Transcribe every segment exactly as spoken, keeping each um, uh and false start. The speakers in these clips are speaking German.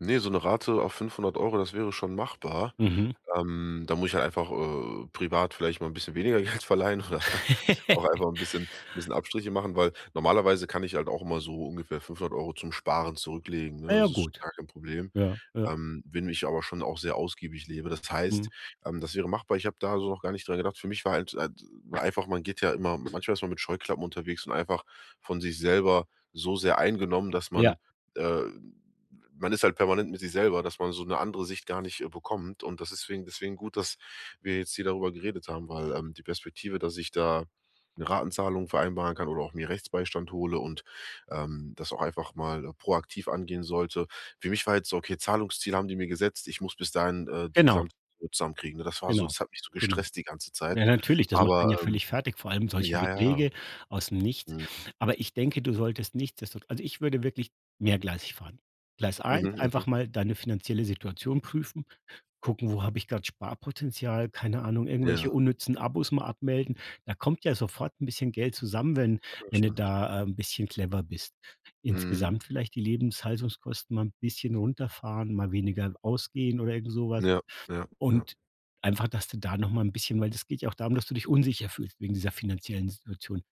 Ne, so 'ne Rate auf fünfhundert Euro, das wäre schon machbar, Mhm. ähm. Da muss ich halt einfach, äh, privat vielleicht mal 'n bisschen weniger Geld verleihen oder auch einfach 'n bisschen 'n bisschen Abstriche machen, weil, normalerweise kann ich halt auch immer so ungefähr fünfhundert Euro zum Sparen zurücklegen, Ah, ne? ja, Das ist schon gut. gar kein Problem, Ja, ja. ähm. Wenn ich aber schon auch sehr ausgiebig lebe. Das Mhm. heißt, ähm, das wäre machbar. Ich habe da so noch gar nicht darüber gedacht. Für mich war halt halt war einfach man geht ja immer manchmal ist man mit Scheuklappen unterwegs, und einfach von sich selber so sehr eingenommen, dass Ja. man äh, man ist halt permanent mit sich selber dass man so 'ne andere Sicht gar nicht, äh, bekommt und das ist wegen deswegen gut, dass wir jetzt hier darüber geredet haben, weil, ähm, die Perspektive, dass ich da 'ne Ratenzahlung vereinbaren kann oder auch mir Rechtsbeistand hole und, ähm, das auch einfach mal, äh, proaktiv angehen sollte. Für mich war jetzt so: „Okay, Zahlungsziel haben die mir gesetzt. Ich muss bis dahin, äh, die Genau. gesamte [unintelligible] zusammenkriegen,“ ne? Das war so Genau. das hat mich so Genau. gestresst die ganze Zeit. Ja, natürlich, das macht Aber, einen ja ähm völlig fertig, vor allem solche Ja, ja. Beträge ausm Nichts. Mhm. Aber ich denke, du solltest nichtsdestot Also, ich würde wirklich mehrgleisig fahren. Gleis Mhm, eins, einfach mhm. mal deine finanzielle Situation prüfen. Gucken, wo habe ich grad Sparpotenzial. Keine Ahnung, Ja. irgendwelche unnützen Abos mal abmelden. Da kommt ja sofort 'n bisschen Geld zusammen, wenn Ja, das wenn du stimmt. da, äh, 'n bisschen clever bist. Mhm. Insgesamt vielleicht die Lebenshaltungskosten mal 'n bisschen runterfahren, mal weniger ausgehen oder irgend so was. Ja, ja, ja. Und einfach, dass du da noch mal 'n bisschen weil das geht ja auch darum, dass du dich unsicher fühlst wegen dieser finanziellen Situation.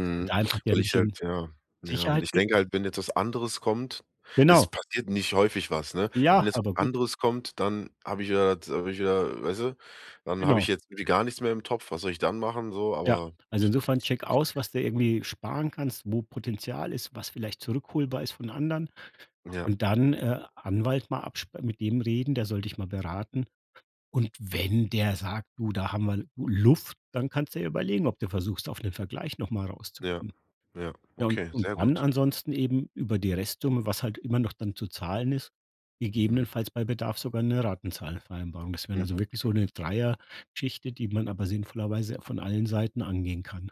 Dass du da einfach dir weil 'n ich halt bisschen Ja, ja. Sicherheit Ich gibst. denke halt, wenn jetzt was anderes kommt es Genau. passiert nicht häufig was, ne? Aber Ja, wenn jetzt was aber gut. anderes kommt, dann habe ich ja jetzt habe ich ja weißt du? Dann habe ich Genau. jetzt irgendwie gar nichts mehr im Topf. Was soll ich dann machen? So, Ja, aber, also, gut. insofern check aus, was du irgendwie sparen kannst, wo Potenzial ist, was vielleicht zurückholbar ist von anderen. Ja. Und dann, äh, Anwalt mal absp mit dem reden. Der soll dich mal beraten. Und wenn der sagt: „Du, da haben wir Lu Luft,“ dann kannst du ja überlegen, ob du versuchst, auf 'ne Vergleich noch mal Ja, rauszukommen. ja, Na, und okay, und sehr dann gut. ansonsten eben über die Restsumme, was halt immer noch dann zu zahlen ist, Mhm. gegebenenfalls bei Bedarf sogar 'ne Ratenzahlungsvereinbarung. Das wären dann so Mhm, wirklich so 'ne mhm. Dreiergeschichte, die man aber sinnvollerweise von allen Seiten angehen kann.